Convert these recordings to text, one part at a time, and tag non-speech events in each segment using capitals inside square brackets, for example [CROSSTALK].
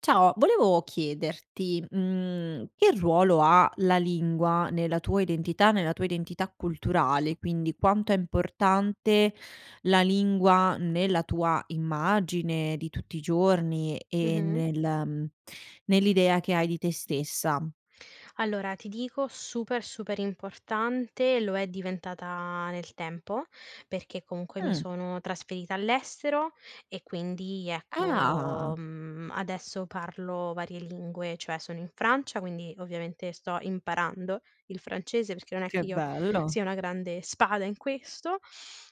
Ciao, volevo chiederti, mhmm, che ruolo ha la lingua nella tua identità, nella tua identità culturale, quindi quanto è importante la lingua nella tua immagine di tutti i giorni e Mh-mh. nel mhmm, nell'idea che hai di te stessa? Allora, ti dico super, super importante lo è diventata nel tempo, perché comunque mi Mh. sono trasferita all'estero e, quindi, ecco, Ah! mhmm, adesso parlo varie lingue, cioè sono in Francia, quindi ovviamente sto imparando il francese perché non è che Che io bello! sia una grande spada in questo,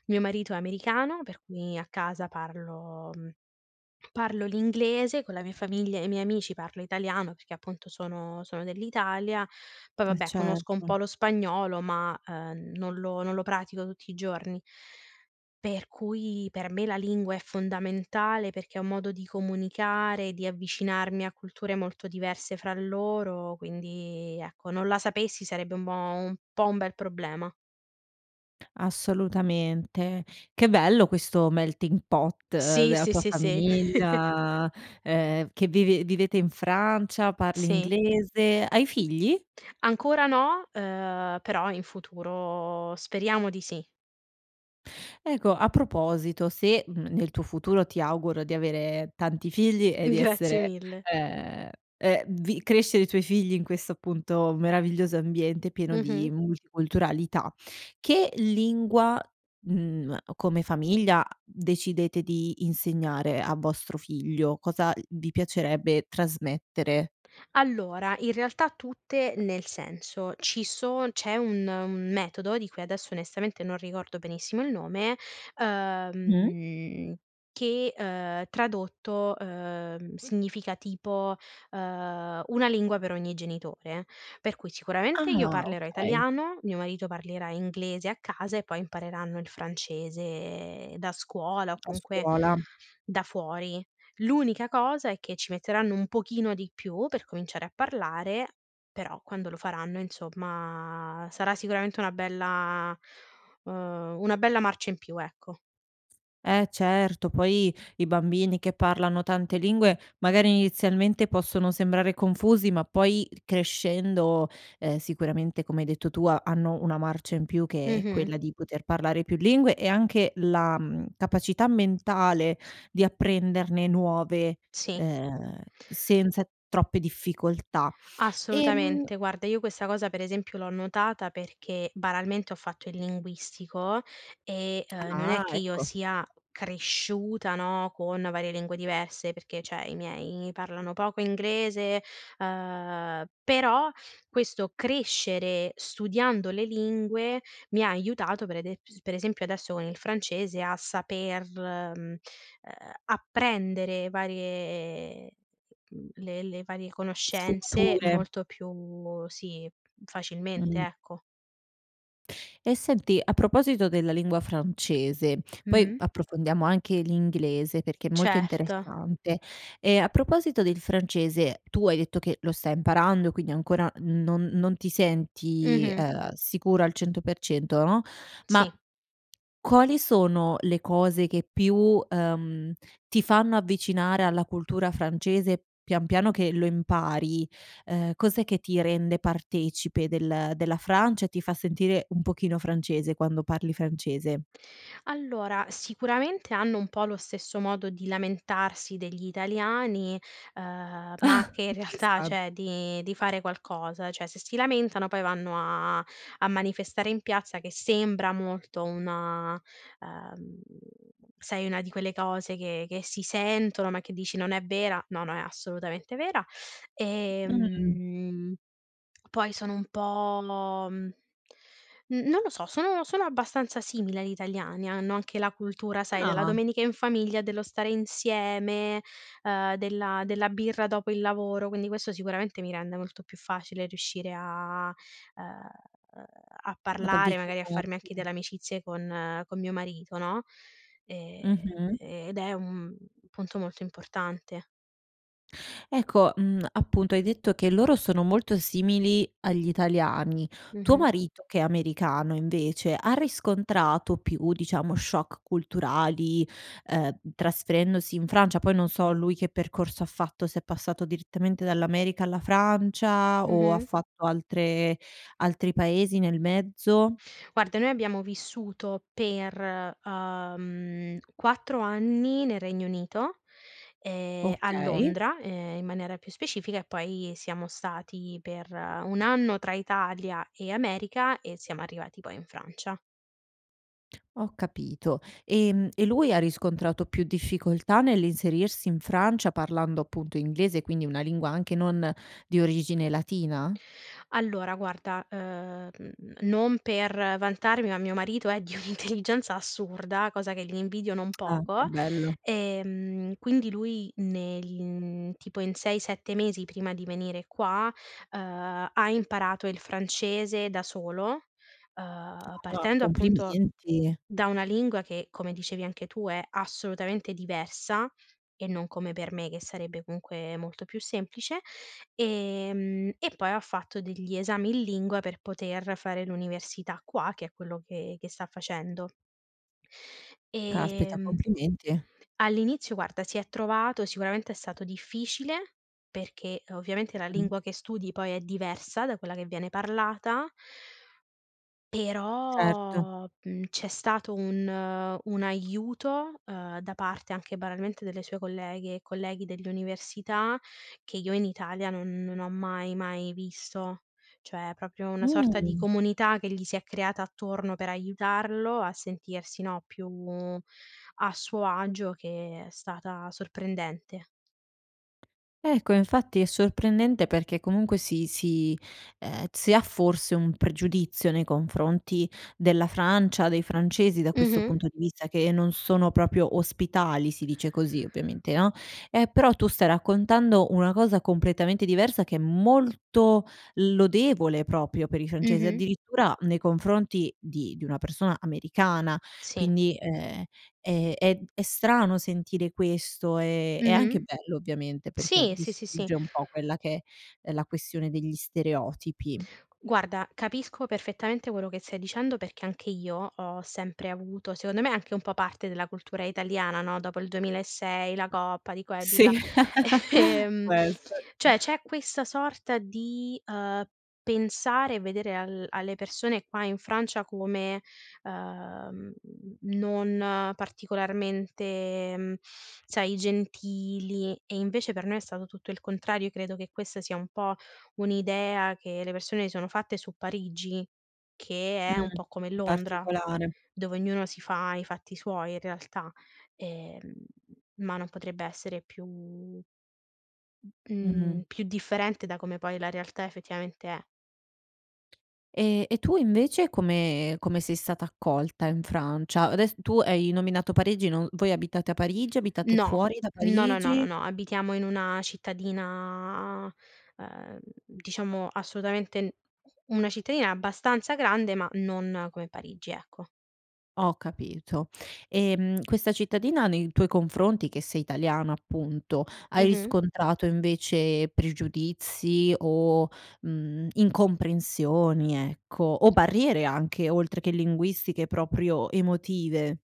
mio marito è americano, per cui a casa parlo mhmm, parlo l'inglese, con la mia famiglia e i miei amici parlo italiano perché, appunto, sono sono dell'Italia, poi, Eh, vabbè, conosco un po' certo. lo spagnolo ma, ehm, non lo non lo pratico tutti i giorni. Per cui per me la lingua è fondamentale perché è un modo di comunicare, di avvicinarmi a culture molto diverse fra loro, quindi, ecco, non la sapessi sarebbe un bo un po' un bel problema. Assolutamente. Che bello questo melting pot Sì, dea sì, tua sì, sì. [CHUCKLES] famiglia, ehm, v che vive vivete in Francia, parli Sì. inglese, hai figli? Ancora no, ehm, però in futuro speriamo di sì. Eco, a proposito se, mhmm, nel tuo futuro ti auguro di avere tanti figli e di [CHUCKLES] Grazie essere mille! ehm, e vi crescere i tuoi figli in questo, appunto, meraviglioso ambiente pieno Mh-mh. di multiculturalità. Che lingua, mhmm, come famiglia, decidete di insegnare a vostro figlio? Cosa vi piacerebbe trasmettere? Allora, in realtà, tutte nel senso: ci so c'è un un metodo, di cui adesso onestamente non ricordo benissimo il nome, Mh. uhm, che, uhm, tradotto, uhm, significa tipo, uhm: "una lingua per ogni genitore", per cui sicuramente io Ah, parlerò okay. italiano, mio marito parlerà inglese a casa e poi impareranno il francese da scuola o A comunque scuola. da fuori. L'unica cosa è che ci metteranno un pochino di più per cominciare a parlare, però quando lo faranno, insomma, sarà sicuramente una bella uhm, una bella marcia in più, ecco. Eh, certo poi i bambini che parlano tante lingue, magari, inizialmente, possono sembrare confusi, ma poi crescendo, ehm, sicuramente, come hai detto tu, ha hanno una marcia in più che è Mh-mh. quella di poter parlare più lingue e anche la, mhmm, capacità mentale di apprenderne nuove, Sì. ehm, senza troppe difficoltà. Ehm Assolutamente. Guarda, io questa cosa, per esempio, l'ho notata perché, banalmente, ho fatto il linguistico e, uhm, non Ah, è che io ecco. sia cresciuta, no, con varie lingue diverse, perché, cioè, i miei parlano poco inglese, uhm, però questo crescere, studiando le lingue, mi ha aiutato per ede ps per esempio, adesso con il francese, a saper, mhmm, ehm, apprendere varie mhmm, le le varie conoscenze Sfumature. molto più sì, facilmente, Mh. ecco. Ehm, senti a proposito della lingua francese, poi Mh-mh. approfondiamo anche l'inglese perché è molto Certo. interessante, ehm, a proposito del francese: tu hai detto che lo stai imparando, quindi ancora non non ti senti, Mh-mh. ehm, sicura al 100%, no, ma Sì. quali sono le cose che più, ehm, ti fanno avvicinare alla cultura francese pian piano che lo impari? Ehm, cos'è che ti rende partecipe del della Francia, e ti fa sentire un pochino francese quando parli francese? Allora, sicuramente, hanno un po' lo stesso modo di lamentarsi degli italiani, uhm, ma Ah! che in realtà Interessante. cioè, di di fare qualcosa; cioè, se si lamentano poi vanno a a manifestare in piazza che sembra molto una uhm, sai, una di quelle cose che che si sentono, ma che dici: "Non è vera!", no, no è assolutamente vera. Mh. Ehm, poi sono un po' mhmm, n non lo so, sono sono abbastanza simili agli italiani, hanno anche la cultura, sai, della Ah! domenica in famiglia dello stare insieme, uhm, della della birra dopo il lavoro, quindi questo sicuramente mi rende molto più facile riuscire a ehm, a Ad parlare, magari a farmi avvicinarti anche e delle amicizie con con mio marito, no, ehm, Mh-mh. e ed è un punto molto importante. Ecco, mhmm, appunto, hai detto che loro sono molto simili agli italiani. Tuo Mh-mh. marito, che è americano, invece, ha riscontrato più diciamo shock culturali, uhm, trasferendosi in Francia? Poi non so lui che percorso ha fatto, se è passato direttamente dall'America alla Francia, o ha Mh-mh. fatto altre altri paesi nel mezzo? Guarda, noi abbiamo vissuto per, uhm, 4 anni nel Regno Unito, ehm, a Okay. Londra, ehm, in maniera più specifica, e poi siamo stati per 1 anno tra Italia e America, e siamo arrivati poi in Francia. Ho capito, ehm, e lui ha riscontrato più difficoltà nell'inserirsi in Francia parlando, appunto, inglese quindi una lingua anche non di origine latina? Allora, guarda, uhm, non per vantarmi, ma mio marito è di un'intelligenza assurda, cosa che gli invidio non Ah, che poco, bello! ehm, quindi lui, negl in tipo in 6, 7 mesi prima di venire qua, uhm, ha imparato il francese da solo, uhm, Ah, partendo, appunto, complimenti. da una lingua che, come dicevi anche tu, è assolutamente diversa e non come per me che sarebbe comunque molto più semplice, ehm, e poi ha fatto degli esami in lingua per poter fare l'università qua che è quello che che sta facendo. Caspita, Ehm complimenti. All'inizio, guarda, si è trovato sicuramente è stato difficile, perché ovviamente la Mh. lingua che studi poi è diversa da quella che viene parlata Certo. però, mhmm, c'è stato un un aiuto, uhm, da parte anche banalmente delle sue colleghe e colleghi dell'università, che io in Italia non non ho mai mai visto. Cioè, proprio una sorta di Mh. comunità che gli si è creata attorno per aiutarlo a sentirsi, no, più a suo agio che è stata sorprendente. Ecco, infatti è sorprendente, perché comunque si si ehm, si ha forse un pregiudizio nei confronti della Francia, dei francesi da questo Mh-mh. punto di vista, che non sono proprio ospitali, si dice così, ovviamente, no, ehm, però tu stai raccontando una cosa completamente diversa, che è molto lodevole proprio per i francesi, Mh-mh. addirittura, nei confronti di di una persona americana Sì. quindi, ehm, è è è strano sentire questo, ehm, è Mh-mh. anche bello, ovviamente, perché Sì, sì, sì, sì. distrugge un po' quella che è, ehm, la questione degli stereotipi. Guarda, capisco perfettamente quello che stai dicendo, perché anche io ho sempre avuto secondo me, è anche un po' parte della cultura italiana, no, dopo il 2006, la coppa, di qua e di là, Sì, [CHUCKLES] [CHUCKLES] ehm, questo cioè, c'è questa sorta di, uhm, pensare e vedere al alle persone qua in Francia come, uhm, non particolarmente, mhmm, sai, gentili e, invece, per noi è stato tutto il contrario, credo che questa sia un po' un'idea che le persone si sono fatte su Parigi che è un Mh, po' come Londra, particolare. dove ognuno si fa i fatti suoi, in realtà, ehm, ma non potrebbe essere più mhmm, Mh-mh. più differente da come poi la realtà effettivamente è. Ehm, e tu invece come come sei stata accolta in Francia? Adess tu hai nominato Parigi non voi abitate a Parigi? Abitate No, fuori da no, no, no, no, Parigi? no, abitiamo in una cittadina, ehm, diciamo assolutamente n una cittadina abbastanza grande, ma non come Parigi, ecco. Ho capito, ehm, questa cittadina nei tuoi confronti, che sei italiana, appunto hai Mh-mh. riscontrato, invece, pregiudizi o, mhmm, incomprensioni, ecco, o barriere anche, oltre che linguistiche, proprio emotive?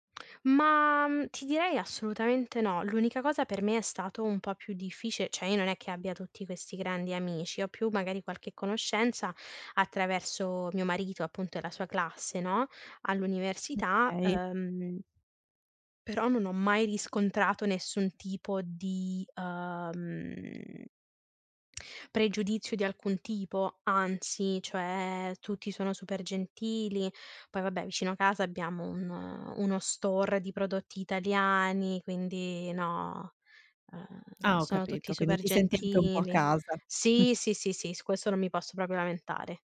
Ma, mhmm, ti direi assolutamente no. L'unica cosa per me è stato un po' più difficile. Cioè. io non è che abbia tutti questi grandi amici, ho più magari qualche conoscenza attraverso mio marito, appunto, e la sua classe, no, all'università, Okay. uhm però non ho mai riscontrato nessun tipo di, uhm pregiudizio di alcun tipo, anzi, cioè, tutti sono super gentili. Poi, vabbè, vicino a casa abbiamo un uno store di prodotti italiani, quindi, no, ehm, Ah, ho sono tutti capito, quindi super ti senti anche un po' a gentili. casa, mh. Sì, sì, sì, sì su questo non mi posso proprio lamentare.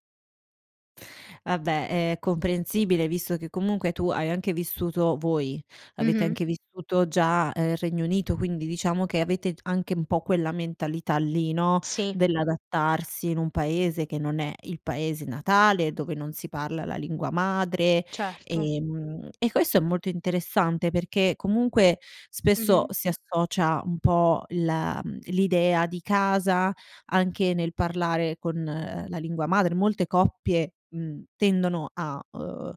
Vabbè, è comprensibile visto che comunque tu hai anche vissuto voi avete Mh-mh. anche vissuto già, ehm, Regno Unito, quindi diciamo che avete g anche un po' quella mentalità lì, no, Sì. dell'adattarsi in un paese che non è il paese natale, dove non si parla la lingua madre, Certo. ehm, mhmm, e questo è molto interessante perché comunque spesso Mh-mh. si associa un po' la mhmm, l'idea di casa, anche nel parlare con la lingua madre, molte coppie, mhmm, tendono a, uhm, ehm,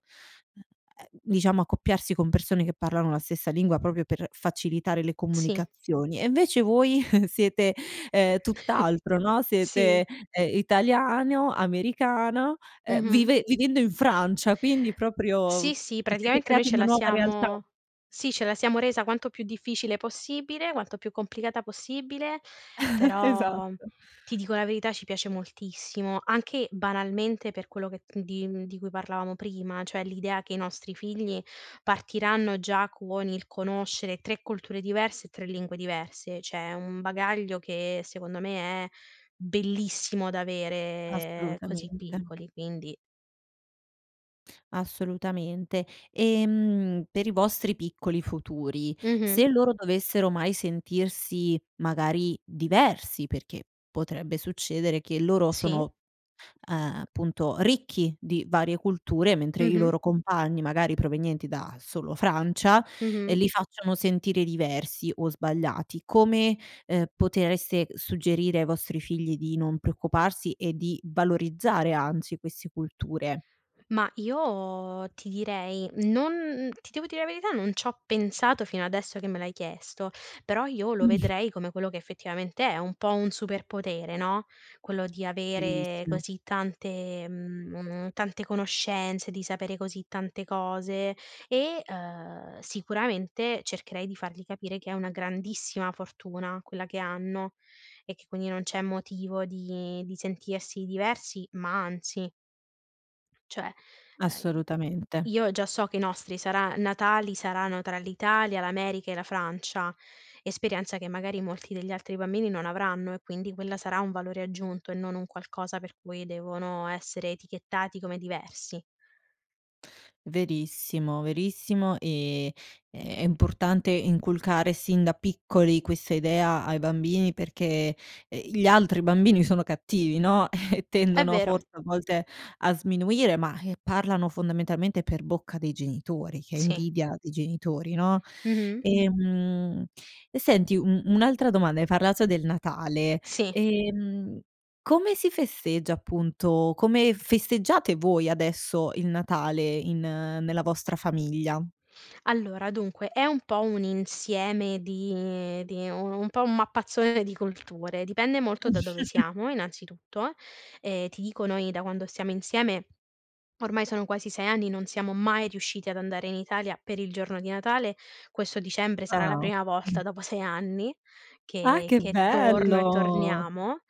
diciamo, accoppiarsi con persone che parlano la stessa lingua proprio per facilitare le Sì. comunicazioni. E invece voi, [CHUCKLES] siete, ehm, [CHUCKLES] tutt'altro, no, siete, Sì. ehm, italiano, americano, ehm, Mh-mh. vive vivendo in Francia, quindi Sì, proprio sì, vi siete praticamente noi creati ce una la nuova realtà. siamo sì, ce la siamo resa quanto più difficile possibile, quanto più complicata possibile. [CHUCKLES] Però, Esatto. ti dico la verità: ci piace moltissimo, anche, banalmente, per quello che di, mhmm di cui parlavamo prima, cioè, l'idea che i nostri figli partiranno già con il conoscere 3 culture diverse e 3 lingue diverse, cioè è un bagaglio che, secondo me, è bellissimo da avere così Assolutamente. piccoli, quindi Assolutamente. Ehm, per i vostri piccoli futuri: Mh-mh. se loro dovessero mai sentirsi magari diversi, perché potrebbe succedere che loro Sì? sono, uhm, appunto, ricchi di varie culture mentre i Mh-mh. loro compagni, magari, provenienti da solo Francia, ehm, Mh-mh. li facciano sentire diversi o sbagliati, come, ehm, potreste suggerire ai vostri figli di non preoccuparsi e di valorizzare, anzi, questi culture? Ma io, ti direi, non ti devo dire la verità non c'ho pensato fino adesso che me l'hai chiesto, però io lo vedrei come quello che effettivamente è: un po' un superpotere, no, quello di avere Bellissimo. così tante mhmm, mo mo tante conoscenze, di sapere così tante cose e, uhm, sicuramente, cercherei di fargli capire che è una grandissima fortuna quella che hanno e che quindi non c'è motivo di di sentirsi diversi, ma anzi Cioè, uhm, e Assolutamente. io già so che i nostri sarà Natali saranno tra l'Italia, l'America e la Francia, esperienza che magari molti degli altri bambini non avranno e quindi quella sarà un valore aggiunto e non un qualcosa per cui devono essere etichettati come diversi. Verissimo, verissimo, ehm, è è importante inculcare sin da piccoli questa idea ai bambini perché, ehm, gli altri bambini sono cattivi, no, e È tendono vero. forse, a volte, a sminuire ma, eh, parlano fondamentalmente per bocca dei genitori, che è Sì. invidia dei genitori, no? Mh-mh. Ehm, e senti un un'altra domanda: hai parlato del Natale, Sì. ehm, come si festeggia appunto come festeggiate voi adesso il Natale in nella vostra famiglia? Allora, dunque è un po' un insieme di di u un po' un mappazzone di culture, dipende molto da dove [CHUCKLES] siamo, innanzitutto. Ehm, ti dico noi da quando stiamo insieme, ormai sono quasi 6 anni, non siamo mai riusciti ad andare in Italia per il giorno di Natale, questo dicembre sarà la Ah, o prima volta mh. dopo 6 anni Ah, che che che torno e bello! torniamo,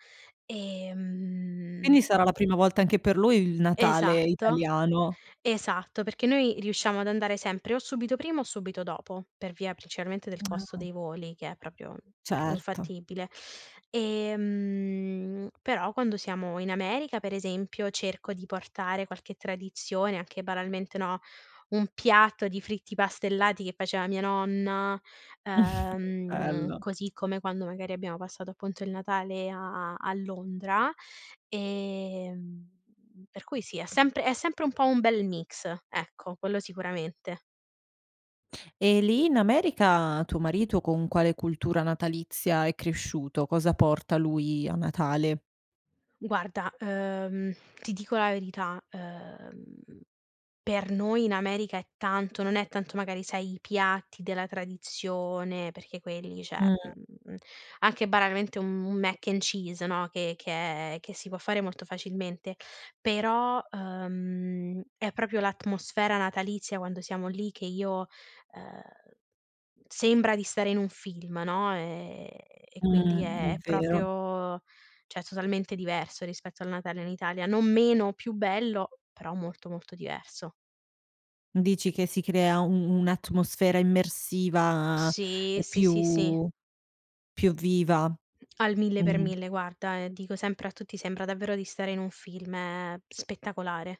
ehm Quindi, sarà la prima volta anche per lui il Natale Esatto, italiano? esatto. Perché noi riusciamo ad andare sempre o subito prima o subito dopo, per via principalmente del [SMACKS LIPS] costo Ah. dei voli che è proprio Certo. infattibile. Ehm, però quando siamo in America, per esempio, cerco di portare qualche tradizione, anche banalmente, no, un piatto di fritti pastellati che faceva mia nonna, [CHUCKLES] Che ehm, bello. così come quando, magari, abbiamo passato, appunto, il Natale a a a Londra, ehm, per cui, sì, è sempre è sempre un po' un bel mix, ecco, quello sicuramente. E lì, in America, tuo marito con quale cultura natalizia è cresciuto? Cosa porta lui a Natale? Guarda, uhm, ti dico la verità: uhm, per noi in America è tanto non è tanto, magari, sai, i piatti della tradizione perché quelli, cioè, Mh. mhmm, anche banalmente un un Mac and Cheese, no, che che è che si può fare molto facilmente, però, uhm, è proprio l'atmosfera natalizia quando siamo lì che io ehm, sembra di stare in un film, no, ehm, e quindi Mh, è è è vero. proprio cioè, è totalmente diverso rispetto al Natale in Italia, non meno o più bello, però molto, molto diverso. Dici che si crea u un'atmosfera immersiva, Sì, ehm, sì, sì, sì. più più viva? Al mille per Mh. mille, guarda, ehm, dico sempre a tutti, sembra davvero di stare in un film; è p spettacolare.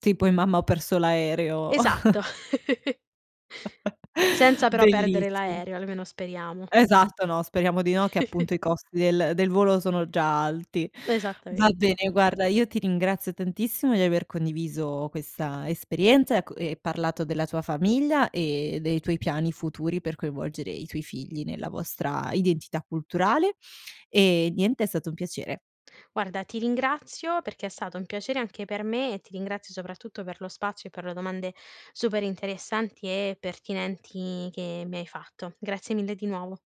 Tipo in: "Mamma ho perso l'aereo?" Esatto, [CHUCKLES] [CHUCKLES] [CHUCKLES] senza però perdere Bellissi l'aereo, almeno speriamo. Esatto, no, speriamo di no, che, [CHUCKLES] appunto, i costi del del volo sono già alti. Va Esattamente. bene, guarda, io ti ringrazio tantissimo di aver condiviso questa esperienza e a co ehm, parlato della tua famiglia e dei tuoi piani futuri per coinvolgere i tuoi figli nella vostra identità culturale; ehm, niente, è stato un piacere. Guarda, ti ringrazio perché è stato un piacere anche per me e ti ringrazio, soprattutto, per lo spazio e per le domande super interessanti e pertinenti che mi hai fatto. Grazie mille di nuovo.